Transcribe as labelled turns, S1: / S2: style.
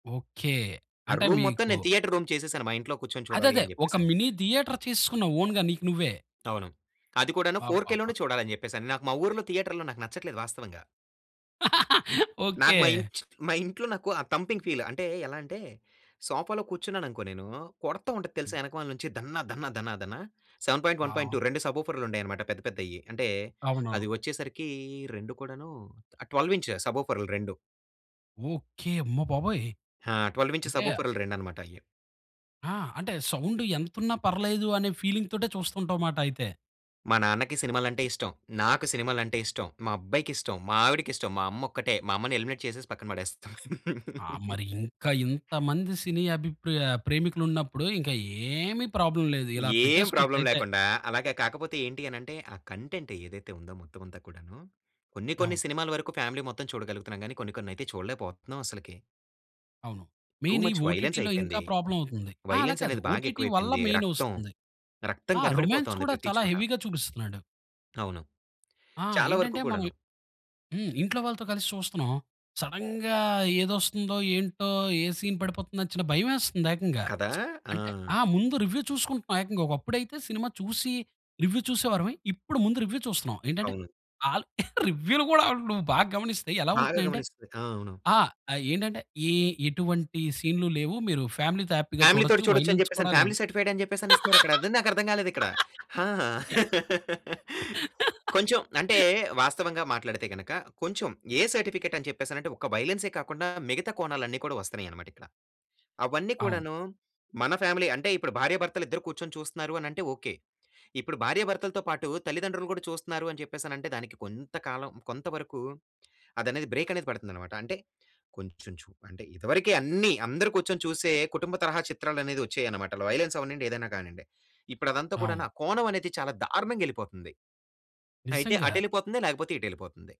S1: Okay.
S2: ఆ
S1: అంటే
S2: room మొత్తం,
S1: మీకు
S2: నేను థియేటర్ రూమ్ చేసేసాను మా ఇంట్లో కూర్చొని
S1: అదదే.
S2: చూడాలని
S1: ఒక
S2: చెప్పేసని.
S1: మినీ థియేటర్ చేసుకున్న‌వు ఓన్‌గా నీకు నువ్వే.
S2: అవును. అది కూడాను 4కే
S1: అబ్బబ్బా!
S2: లోనే చూడాలని చెప్పేసని. నాకు మా ఊర్లో థియేటర్‌లో నాకు నచ్చట్లేదు వాస్తవంగా.
S1: ఓకే.
S2: నాకు మా మా ఇంట్లో నాకు ఆ థంపింగ్ ఫీల్. అంటే ఎలా అంటే, సోఫాలో కూర్చున్నాననుకో నేను కొడతా ఉంటది తెలుసా? వెనకామల నుంచి దన్న, దన్న, దన్న, దన్న 7.1.2
S1: ఆ!
S2: 2 సబోఫెర్లు ఉండాయన్నమాట పెద్ద పెద్దయి. అంటే
S1: అవునవును.
S2: అది వచ్చేసరికి రెండు కూడాను 12 ఇంచ్ సబోఫెర్లు 2.
S1: ఓకే. అమ్మ బాబోయ్!
S2: ఆ! 12 ఇంచ్
S1: అంటే
S2: సబోఫెర్లు రేండనమాటయి.
S1: ఆ! అంటే సౌండు ఎంతున్నా పర్లేదు అనే, ఫీలింగ్‌తోటే చూస్తుంటా‌వుమాట అయితే!
S2: మా నాన్నకి సినిమాలంటే ఇష్టం, నాకు సినిమాలంటే ఇష్టం, మా అబ్బాయికిష్టం, మా ఆవిడకిష్టం, మా అమ్మ ఒక్కటే, మా అమ్మని ఎలిమినేట్ చేసేసి పక్కన పడేస్తాం.
S1: ఆ! మరి ఇంకా ఇంతమంది సినీ అభిప్రా ప్రేమికులున్నప్పుడు, ఇంకా ఏమి ప్రాబ్లమ్ లేదు. ఇలా
S2: ఏం ప్రాబ్లమ్
S1: పెట్టేసుకోచ్చయితే.
S2: లేకుండా అలాగే కాకపోతే ఏంటి అనేంటే, ఆ కంటెంట్ ఏదైతే ఉందో మొత్తం అంతా కూడాను కొన్ని కొన్ని
S1: అవును.
S2: సినిమాల వరకు ఫ్యామిలీ మొత్తం చూడగలుగుతున్నాం గానీ, కొన్ని కొన్నయితే చూడలేకపోతున్నాం అసలకి.
S1: అవును.
S2: టూ
S1: మెయిన్ ఈ
S2: ముచ్ వయలెన్స్
S1: ఓ‌టీటీలో ఇంకా
S2: అయిపోయింది.
S1: ప్రాబ్లమ్ అవుతుంది. అలా
S2: వయలెన్స్
S1: కాదు
S2: అనేది బాగా
S1: ఓ‌టీటీ వల్ల
S2: ఎక్కువైపోయింది.
S1: మెయిన్
S2: రక్తం,
S1: వస్తుంది.
S2: రక్తం
S1: ఆ! రొమాన్స్
S2: కనపడిపోతుంది
S1: కూడా
S2: ప్రతి
S1: చాలా
S2: చోట.
S1: హెవీగా చూపిస్తున్నాడు.
S2: అవును.
S1: ఆ!
S2: చాలా వరకు
S1: ఏంటంటే మనం
S2: కూడాను.
S1: హ్మ్. ఇంట్లో వాళ్ళతో కలిసి చూస్తున్నాం. సడెన్‌గా ఏది వస్తుందో, ఏంటో, ఏ సీన్ పడిపోతుందో చిన భయమేస్తుందేకంగా.
S2: కదా!
S1: అంటే
S2: ఆ!
S1: ఆ ముందు రివ్యూ చూసుకుంటున్నాం ఏకంగా. ఒకప్పుడైతే సినిమా చూసి రివ్యూ చూసేవార‌ము. ఇప్పుడు ముందు రివ్యూ చూస్తున్నాం. ఏంటంటే
S2: అవును.
S1: అల్ రివ్యూలు కూడా నువ్వు బాగా గమనిస్తే ఎలా
S2: బాగా
S1: ఉంటున్నాయంటే,
S2: గమనిస్తది. ఆ! అవును.
S1: ఆ ఏంటంటే, ఏ ఎటువంటి సీన్లు లేవు మీరు ఫ్యామిలీ‌తో హ్యాపీగా
S2: ఫ్యామిలీతోటి
S1: చూడొచ్చు
S2: చూడొచ్చని
S1: వయలెన్స్
S2: చెప్పేస‌న్ని
S1: కూడా లేదు.
S2: ఫ్యామిలీ సర్టిఫైడని చెప్పేస‌నేసి ఇస్తున్నారక్కడ. అదే నాకర్థం కాలేదిక్కడ. ఆ! కొంచెం అంటే వాస్తవంగా మాట్లాడితే గనుక, కొంచెం ఏ సర్టిఫికేటని చెప్పేసనంటే, ఒక వయలెన్సే కాకుండా, మిగతా కోణాలన్ని కూడా వస్తున్నాయన్నమాటిక్కడ. అవన్నీ
S1: అవును.
S2: కూడాను మన ఫ్యామిలీ అంటే ఇప్పుడు భార్య భర్తలిద్దరు కూర్చొని చూస్తున్నారు అనంటే ఓకే. ఇప్పుడు భార్య భర్తలతో పాటు, తల్లిదండ్రులు కూడా చూస్తున్నారు, అని చెప్పేసనంటే దానికి కొంత కాలం కొంత వరకు అది అనేది బ్రేకనేది పడుతుందన్నమాట. అంటే కొంచెం చు అంటే ఇదివరకే అన్ని అందరు కూర్చొని చూసే కుటుంబ తరహా చిత్రాలు అనేవచ్చాయన్నమాట. వయలెన్స్ అవ్వనివ్వండి ఏదైనా కానివ్వండి. ఇప్పుడు అదంతా
S1: అవును.
S2: కూడనా ఆ కోణం అనేది చాలా దారుణంగా ఎళ్ళిపోతుంది. అయితే
S1: నిజంగా.
S2: అటెళ్ళిపోతుంది, లేకపోతే ఇటెళ్ళిపోతుంది.